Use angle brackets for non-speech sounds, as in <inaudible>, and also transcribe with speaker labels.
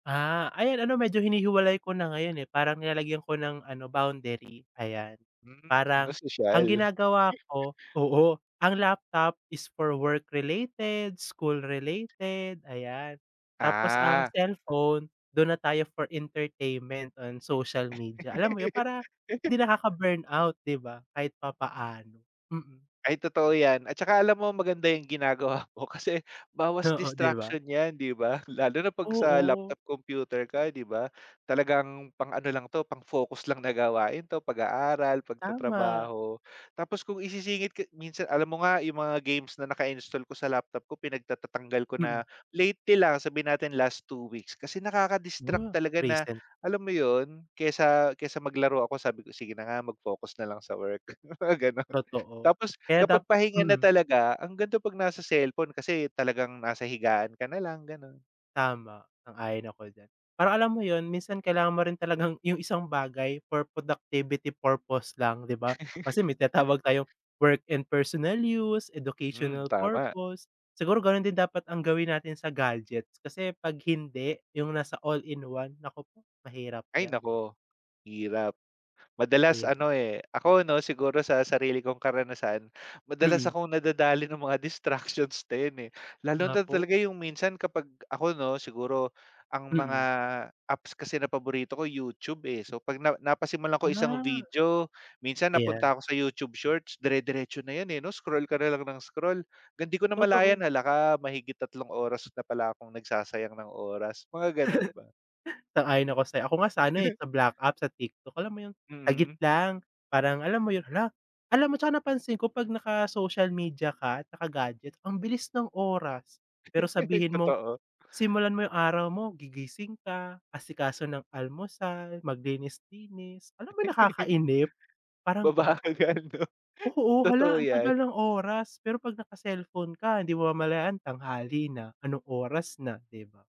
Speaker 1: Ah, ayan ano medyo hinihiwalay ko na ngayon, eh. Parang nilalagyan ko ng ano, boundary, ayan.
Speaker 2: Hmm, mas
Speaker 1: Parang, ang
Speaker 2: sosyal.
Speaker 1: ginagawa
Speaker 2: <laughs>
Speaker 1: ko oo, ang laptop is for work related, school related, ayan. Tapos ang
Speaker 2: Ah.
Speaker 1: cellphone, dun na tayo for entertainment on social media. Alam mo yun, para
Speaker 2: <laughs>
Speaker 1: hindi nakaka burnout, ‘di ba, kahit papaano. Mm.
Speaker 2: Ay, totoo ‘yan. At saka alam mo, maganda yung ginagawa mo kasi bawas
Speaker 1: Oo, ‘di ba.
Speaker 2: distraction ‘yan, di ba. Lalo na ‘pag sa
Speaker 1: Oo.
Speaker 2: laptop, computer ka, ‘di ba. Talagang pang ano lang 'to, pang focus lang na gawain ‘to, pag-aaral,
Speaker 1: Tama.
Speaker 2: pagtatrabaho tapos kung isisingit ka minsan alam mo nga yung mga games na naka-install ko sa laptop ko, pinagtatatanggal ko na
Speaker 1: Mm.
Speaker 2: lately lang, sabihin natin last 2 weeks kasi nakaka-distract
Speaker 1: Wa
Speaker 2: talaga na
Speaker 1: recent.
Speaker 2: alam mo ‘yon, kaysa kaysa maglaro ako sabi ko, “Sige na nga, mag-focus na lang sa work.” Mga gano’n.
Speaker 1: Totoo.
Speaker 2: Tapos
Speaker 1: Kaya dap
Speaker 2: kapag pahinga na
Speaker 1: mm.
Speaker 2: talaga, ang ganda ‘pag nasa cellphone kasi talagang nasa higaan ka nalang gano’n.
Speaker 1: Tama, sang ayon ako diyan. Parang alam mo ‘yon, minsan kailangan mo rin talagang yung isang bagay for productivity purpose lang, ‘di ba. Kasi may tinatawag tayong
Speaker 2: <laughs>
Speaker 1: work and personal use,
Speaker 2: Hmm,
Speaker 1: educational
Speaker 2: tama.
Speaker 1: purpose, siguro ganun din dapat ang gawin natin sa gadgets kasi ‘pag hindi, yung nasa all-in-one, nako po, mahirap
Speaker 2: Ay,
Speaker 1: ‘yan.
Speaker 2: nako. Hirap,
Speaker 1: ‘Di
Speaker 2: madalas
Speaker 1: ba.
Speaker 2: ano, eh, ako ‘no, siguro sa sarili kong karanasan, madalas
Speaker 1: Mm.
Speaker 2: akong nadadali ng mga distractions na yun, eh, lalo na
Speaker 1: Nako.
Speaker 2: talaga yung minsan kapag ako ‘no, siguro ang mga
Speaker 1: Mm.
Speaker 2: apps kasi na paborito ko YouTub, eh, so ‘pag na napasimulan ko isang
Speaker 1: Ah.
Speaker 2: video, minsan napunta
Speaker 1: Ayan.
Speaker 2: ako sa YouTube shorts, dire-diretso na yan, eh, ‘no. Scroll ka nalang nang scroll, ‘gang ‘di ko
Speaker 1: Totoo.
Speaker 2: namalayan, hala ka mahigit 3 oras na pala akong nagsasayang ng oras, mga gano'n ba.
Speaker 1: <laughs> Sang ayon ako sa’yo. Ako nga sana eh,
Speaker 2: <laughs>
Speaker 1: sa black app, sa TikTok alam mo yung, sagit
Speaker 2: Mm.
Speaker 1: lang parang alam mo yun, “Hala.” Alam mo tsaka napansin ko 'pag naka social media ka at naka-gadget, ang bilis ng oras. Pero
Speaker 2: <laughs>
Speaker 1: sabihin mo,
Speaker 2: Totoo.
Speaker 1: simulan mo yung araw mo, gigising ka, asikaso ng almusal, maglinis-linis, alam mo yung
Speaker 2: <laughs>
Speaker 1: nakakainip. Parang
Speaker 2: Mabagal nga, ‘no.
Speaker 1: Oo,
Speaker 2: Totoo
Speaker 1: hala ang
Speaker 2: ‘yan.
Speaker 1: tagal ng oras. Pero ‘pag naka-cellphone ka, ‘di mamamalayan tanghali na, anong oras na, ‘di ba.